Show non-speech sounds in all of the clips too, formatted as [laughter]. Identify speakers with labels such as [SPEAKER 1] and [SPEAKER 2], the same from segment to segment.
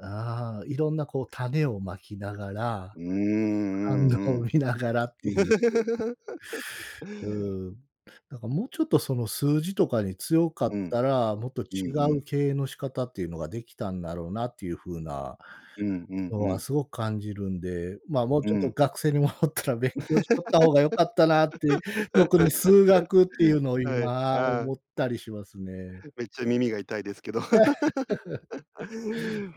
[SPEAKER 1] ああ、色んな、こう、種を蒔きながら、
[SPEAKER 2] うーん、
[SPEAKER 1] 反
[SPEAKER 2] うんう
[SPEAKER 1] 応を
[SPEAKER 2] ん。
[SPEAKER 1] 見ながらっていう [unintelligible]
[SPEAKER 2] [laughs]
[SPEAKER 1] うーん。だからもうちょっとその数字とかに強かっ
[SPEAKER 2] うん。
[SPEAKER 1] たら、もっと
[SPEAKER 2] う
[SPEAKER 1] 違
[SPEAKER 2] んう
[SPEAKER 1] う
[SPEAKER 2] ん。
[SPEAKER 1] 経営の仕方っていうのが出来たんだろうなっていう風な
[SPEAKER 2] うんうん
[SPEAKER 1] の
[SPEAKER 2] う
[SPEAKER 1] は
[SPEAKER 2] ん。
[SPEAKER 1] すごく感じるんで、まあ、もう
[SPEAKER 2] う
[SPEAKER 1] ちょっと
[SPEAKER 2] ん。
[SPEAKER 1] 学生に戻ったら勉強しとった方が良かったなって、特に数学っていう
[SPEAKER 2] [laughs]
[SPEAKER 1] のを
[SPEAKER 2] はい。
[SPEAKER 1] 今
[SPEAKER 2] あ
[SPEAKER 1] 思
[SPEAKER 2] あ。
[SPEAKER 1] ったりしますね。
[SPEAKER 2] めっちゃ耳が痛いですけど。
[SPEAKER 1] [laughs]
[SPEAKER 2] [laughs]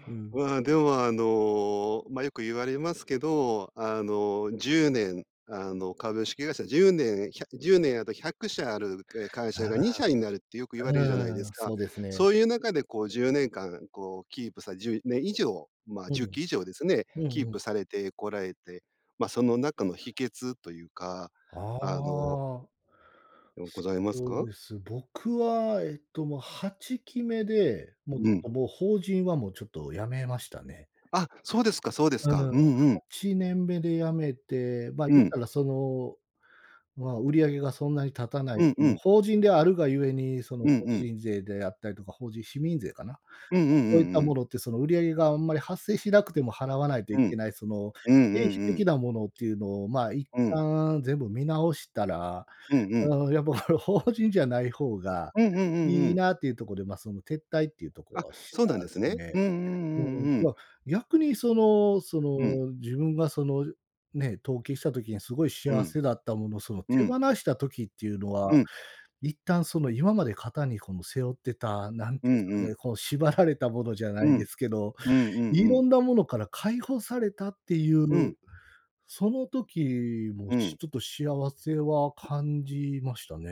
[SPEAKER 1] うん。
[SPEAKER 2] うーん、でも、あの、ま、よく言われますけど、あの、10年、あの、株式会社10年、ひゃ10年後、100社ある、え、会
[SPEAKER 1] あ
[SPEAKER 2] 社がに
[SPEAKER 1] あ。
[SPEAKER 2] しゃになるってよく言われるじゃないで
[SPEAKER 1] うー
[SPEAKER 2] す
[SPEAKER 1] ん、
[SPEAKER 2] か。
[SPEAKER 1] そうですね。
[SPEAKER 2] そういう中で、こう、10年間、こう、キープさ10年以上、まあ、
[SPEAKER 1] う
[SPEAKER 2] じゅっ
[SPEAKER 1] ん。
[SPEAKER 2] き以上ですね、
[SPEAKER 1] うん
[SPEAKER 2] キー
[SPEAKER 1] うん。
[SPEAKER 2] プされてこられて、ま、その中の秘訣というか、
[SPEAKER 1] あ
[SPEAKER 2] あの
[SPEAKER 1] あ。
[SPEAKER 2] うん、ございます
[SPEAKER 1] そう
[SPEAKER 2] か？
[SPEAKER 1] です、僕は、えっと、ま、8期目で、もうち
[SPEAKER 2] う
[SPEAKER 1] ょっ
[SPEAKER 2] ん。
[SPEAKER 1] と、もう法人は、もうちょっと辞めましたね。
[SPEAKER 2] あ、そうですかそうです
[SPEAKER 1] うーん。
[SPEAKER 2] か。
[SPEAKER 1] は
[SPEAKER 2] うんうん。
[SPEAKER 1] ちねんで辞めて、ま、
[SPEAKER 2] う
[SPEAKER 1] 言っ
[SPEAKER 2] ん。
[SPEAKER 1] たら、その、まあ、売り上げがそんなに立たな
[SPEAKER 2] う
[SPEAKER 1] い、
[SPEAKER 2] んう
[SPEAKER 1] もう
[SPEAKER 2] ん。
[SPEAKER 1] 法人であるがゆえに、その
[SPEAKER 2] うん
[SPEAKER 1] 法
[SPEAKER 2] うん。
[SPEAKER 1] 人税であったりとか、法人市民税かな。
[SPEAKER 2] うんうん
[SPEAKER 1] ま、そういっ
[SPEAKER 2] うん、う
[SPEAKER 1] た
[SPEAKER 2] う
[SPEAKER 1] も
[SPEAKER 2] ん。
[SPEAKER 1] のって、その売り上げがあんまり発生しなくても払わないと
[SPEAKER 2] う
[SPEAKER 1] いけ
[SPEAKER 2] ん。
[SPEAKER 1] ない、その
[SPEAKER 2] うんうん
[SPEAKER 1] 経費
[SPEAKER 2] う
[SPEAKER 1] 的
[SPEAKER 2] ん。
[SPEAKER 1] なものっていうのを、まあ一
[SPEAKER 2] うん。
[SPEAKER 1] 旦全部見直したら、
[SPEAKER 2] うんうん。
[SPEAKER 1] ああ、いやもうこれ、法人じゃない方が
[SPEAKER 2] うんうんうんう
[SPEAKER 1] いい
[SPEAKER 2] ん。
[SPEAKER 1] なっていうとこで、まあ、その、撤退っていうとこ
[SPEAKER 2] あ、
[SPEAKER 1] をし
[SPEAKER 2] そうなん
[SPEAKER 1] た
[SPEAKER 2] で
[SPEAKER 1] で
[SPEAKER 2] す
[SPEAKER 1] す
[SPEAKER 2] ね。
[SPEAKER 1] ね。
[SPEAKER 2] うんうんう
[SPEAKER 1] も
[SPEAKER 2] んうんう
[SPEAKER 1] う、
[SPEAKER 2] ん。
[SPEAKER 1] ま、逆にそのそ
[SPEAKER 2] うん。
[SPEAKER 1] の自分がそのね、登記した時にすごい
[SPEAKER 2] う
[SPEAKER 1] 幸
[SPEAKER 2] ん。
[SPEAKER 1] せだったもの、その
[SPEAKER 2] う
[SPEAKER 1] 手放
[SPEAKER 2] ん。
[SPEAKER 1] した時っていうのは、
[SPEAKER 2] うん。
[SPEAKER 1] 一旦その今まで肩にこの背負ってた、なん
[SPEAKER 2] う
[SPEAKER 1] ていうんですか
[SPEAKER 2] んうん。
[SPEAKER 1] ね、この縛られたものじゃな
[SPEAKER 2] う
[SPEAKER 1] いで
[SPEAKER 2] ん。
[SPEAKER 1] すけど、
[SPEAKER 2] うんうんう
[SPEAKER 1] 色
[SPEAKER 2] ん。
[SPEAKER 1] んなものから解放されたっていう、
[SPEAKER 2] うん。
[SPEAKER 1] その時も、
[SPEAKER 2] う
[SPEAKER 1] ち
[SPEAKER 2] ん。
[SPEAKER 1] ょっと幸せは感じましたね。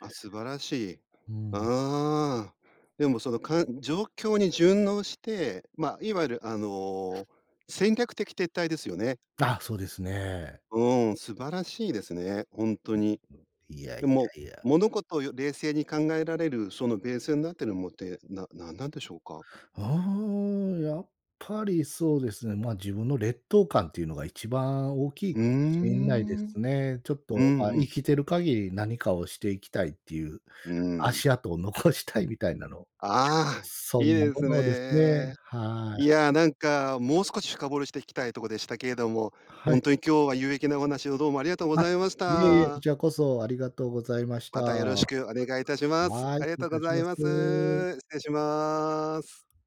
[SPEAKER 2] あ、素晴らしい。
[SPEAKER 1] うーん。
[SPEAKER 2] ああ。でも、そのかん状況に順応して、ま、いわゆる、あの、戦略的撤退ですよね。
[SPEAKER 1] あ、そうですね。
[SPEAKER 2] うーん、素晴らしいですね。ほんと
[SPEAKER 1] ん、
[SPEAKER 2] に。
[SPEAKER 1] [unintelligible] いやい
[SPEAKER 2] でも、
[SPEAKER 1] やいや。
[SPEAKER 2] 物事をよ冷静に考えられる、そのベースになっているものって、ななんなんでしょうか？
[SPEAKER 1] ああ、やっぱりそうですね、まあ、自分の劣等感っていうのが一番大きい
[SPEAKER 2] うー
[SPEAKER 1] かもしんないで
[SPEAKER 2] ん。
[SPEAKER 1] すね。ちょっ
[SPEAKER 2] う
[SPEAKER 1] と、まあ、
[SPEAKER 2] んう
[SPEAKER 1] 生
[SPEAKER 2] ん。
[SPEAKER 1] きてる限り何かをしていきたいっていう、
[SPEAKER 2] うーん。
[SPEAKER 1] 足跡を残したいみたいなの。
[SPEAKER 2] ああ、
[SPEAKER 1] そ
[SPEAKER 2] いい
[SPEAKER 1] んな
[SPEAKER 2] で
[SPEAKER 1] も
[SPEAKER 2] す
[SPEAKER 1] のですね、
[SPEAKER 2] ね。
[SPEAKER 1] は
[SPEAKER 2] い
[SPEAKER 1] い。
[SPEAKER 2] や、なんか、もう少し深掘りしていきたいとこでしたけれども、
[SPEAKER 1] は
[SPEAKER 2] ほ
[SPEAKER 1] い。
[SPEAKER 2] んとに今日は有益なお話をどうもありがとうご
[SPEAKER 1] あ、
[SPEAKER 2] ざいまし
[SPEAKER 1] いえいえ、こ
[SPEAKER 2] た。
[SPEAKER 1] ちらこそ、ありがとうございました。
[SPEAKER 2] またよろしく
[SPEAKER 1] は
[SPEAKER 2] お願いいたします。
[SPEAKER 1] い、
[SPEAKER 2] あり
[SPEAKER 1] 失
[SPEAKER 2] が
[SPEAKER 1] 礼い
[SPEAKER 2] とうご
[SPEAKER 1] たし
[SPEAKER 2] ざい
[SPEAKER 1] ま
[SPEAKER 2] ます。
[SPEAKER 1] す。
[SPEAKER 2] 失礼します。